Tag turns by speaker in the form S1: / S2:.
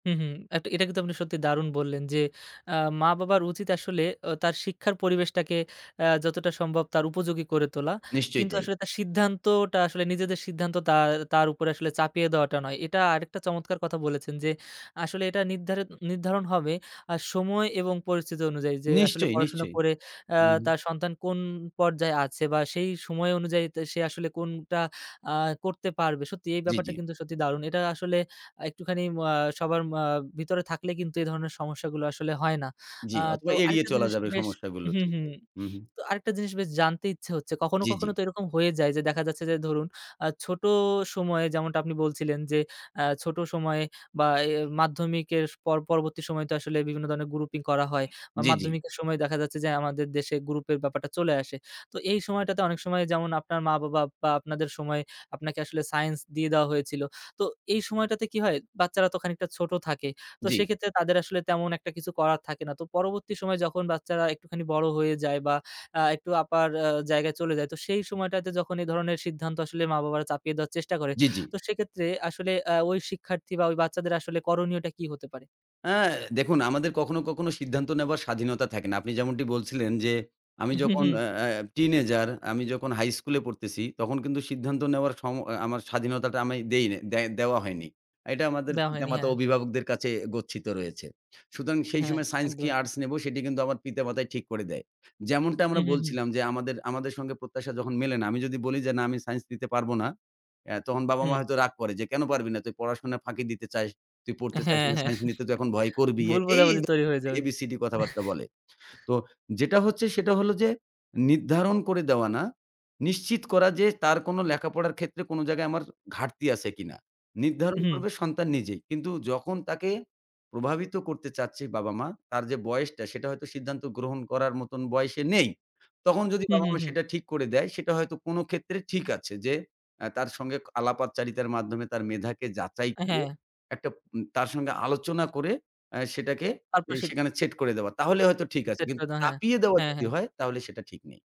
S1: হু, হু। আ এটা কিন্তু আপনি সত্যি দারুণ বললেন যে আ মা-বাবার উচিত আসলে তার শিক্ষার পরিবেশটাকে যতটা আ সম্ভব তার উপযোগী করে তোলা।
S2: নিশ্চয়ই
S1: কিন্তু
S2: তাই।
S1: আসলে তার সিদ্ধান্তটা আসলে নিজেদের সিদ্ধান্ত তা তার উপরে আসলে চাপিয়ে দেওয়াটা নয়। এটা আরেকটা চমৎকার কথা বলেছেন যে আসলে এটা নিরধারি নির্ধারণ হবে আর সময় এবং পরিস্থিতি অনুযায়ী যে আসলে
S2: নিশ্চয়,
S1: পড়াশোনা
S2: নিশ্চয়ই।
S1: করে
S2: উমহুম।
S1: তার সন্তান আ কোন পর্যায়ে আছে, বা সেই সময় অনুযায়ী তা সে আসলে কোনটা আ করতে পারবে। সত্যি এই
S2: জি,
S1: ব্যাপারটা
S2: জি।
S1: কিন্তু সত্যি দারুণ। এটা আসলে একটুখানি আ সবার ভিতরে আ থাকলে কিন্তু এই ধরনের সমস্যাগুলো আসলে হয় না।
S2: জি,
S1: আ তো
S2: অথবা এড়িয়ে
S1: আরেকটা
S2: চলা
S1: জিনিস
S2: যাবে
S1: বেশ
S2: সমস্যাগুলো
S1: হুম,
S2: ঠিক
S1: হুম,
S2: তাই। হুম, হুম।
S1: তো আরেকটা জিনিস জানতে ইচ্ছে হচ্ছে। কখনো,
S2: জি, জি।
S1: কখনো তো এরকম হয়ে যায় যে দেখা যাচ্ছে যে ধরুন আ ছোট সময়ে যেমনটা আপনি বলছিলেন যে আ ছোট সময়ে বা, এ মাধ্যমিকের পর পরবর্তী সময়ে তো আসলে বিভিন্ন ধরনের grouping করা হয়। বা
S2: জি, জি।
S1: মাধ্যমিকের সময়ে দেখা যাচ্ছে যে আমাদের দেশে group এর ব্যাপারটা চলে আসে। তো এই সময়টাতে অনেক সময় যেমন আপনার মা-বাবা বা, আপনাদের সময় আপনাকে আসলে science দিয়ে দেওয়া হয়েছিল। তো এই সময়টাতে কি হয় বাচ্চারা তো খানিকটা ছোট থাকে। তো
S2: জি।
S1: সেক্ষেত্রে তাদের আসলে তেমন একটা কিছু করার থাকে না। তো পরবর্তী সময় যখন বাচ্চারা একটুখানি বড় হয়ে যায়, বা আ একটু আপার জায়গায় চলে যায় তো সেই সময়টাতে যখন এই ধরনের সিদ্ধান্ত আসলে মা বাবারা চাপিয়ে দেওয়ার চেষ্টা করে।
S2: জি, জি।
S1: তো সেক্ষেত্রে আসলে আ ঐ শিক্ষার্থী বা বাচ্চাদের আসলে করণীয়টা কি হতে পারে?
S2: আ দেখুন আমাদের কখনো, কখনো সিদ্ধান্ত নেওয়ার স্বাধীনতা থাকে না। আপনি যেমনটি বলছিলেন যে আমি যখন আ teenager আমি যখন high school এ পড়তেছি, তখন কিন্তু সিদ্ধান্ত নেওয়ার সময- আমার স্বাধীনতাটা আমি দেই দেওয়া হয়নি। এটা আমাদের
S1: দেওয়া হয়নি
S2: পিতামাতা
S1: হ্যাঁ।
S2: অভিভাবকদের কাছে গচ্ছিত রয়েছে। সুতরাং সেই
S1: হ্যাঁ,
S2: সময় science কি
S1: একদম।
S2: arts নেব সেটি কিন্তু আমার পিতা মাতাই ঠিক করে দেয়। যেমনটা আমরা
S1: হুম, হুম, হুম।
S2: বলছিলাম যে আমাদের আমাদের সঙ্গে প্রত্যাশা যখন মেলে না। আমি যদি বলি যে "না আমি সাইন্স দিতে পারব না।" আ তখন বাবা মা
S1: হুম।
S2: হয়তো রাগ করে যে "কেন পারবি না তুই পড়াশোনা ফাঁকি দিতে চাস, তুই পড়তে চাস
S1: হ্যাঁ,
S2: না,
S1: হ্যাঁ।
S2: সাইন্স নিতে তুই এখন ভয় করবি"
S1: ভুল
S2: এই
S1: বোঝাবুঝি তৈরি হয়ে যাবে।
S2: এবিসিডি কথাবার্তা বলে। তো যেটা হচ্ছে সেটা হলো যে নির্ধারণ করে দেওয়া না। নিশ্চিত করা যে তার কোন লেখাপড়ার ক্ষেত্রে কোন জায়গায় আমার ঘাটতি আছে কিনা। নির্ধারণ
S1: হুম।
S2: করবে সন্তান নিজেই। কিন্তু যখন তাকে প্রভাবিত করতে চাচ্ছে বাবা-মা তার যে বয়সটা সেটা হয়তো সিদ্ধান্ত গ্রহণ করার মত বয়সে নেই। তখন যদি
S1: হুম, হুম,
S2: বাবা-মা
S1: হুম।
S2: সেটা ঠিক করে দেয় সেটা হয়তো কোন ক্ষেত্রে ঠিক আছে যে তার সঙ্গে আলাপচারিতার মাধ্যমে তার মেধাকে যাচাই করে
S1: হ্যাঁ।
S2: একটা তার সঙ্গে আলোচনা করে সেটাকে
S1: আর পা সিদ
S2: সেখানে সেট করে দেওয়া। তাহলে হয়তো ঠিক আছে।
S1: সেট করে
S2: কিন্তু
S1: দাওয়া হয়।
S2: চাপিয়ে দেওয়া
S1: হ্যাঁ, হ্যাঁ,
S2: যদি
S1: হ্যাঁ।
S2: হয় তাহলে সেটা ঠিক নেই।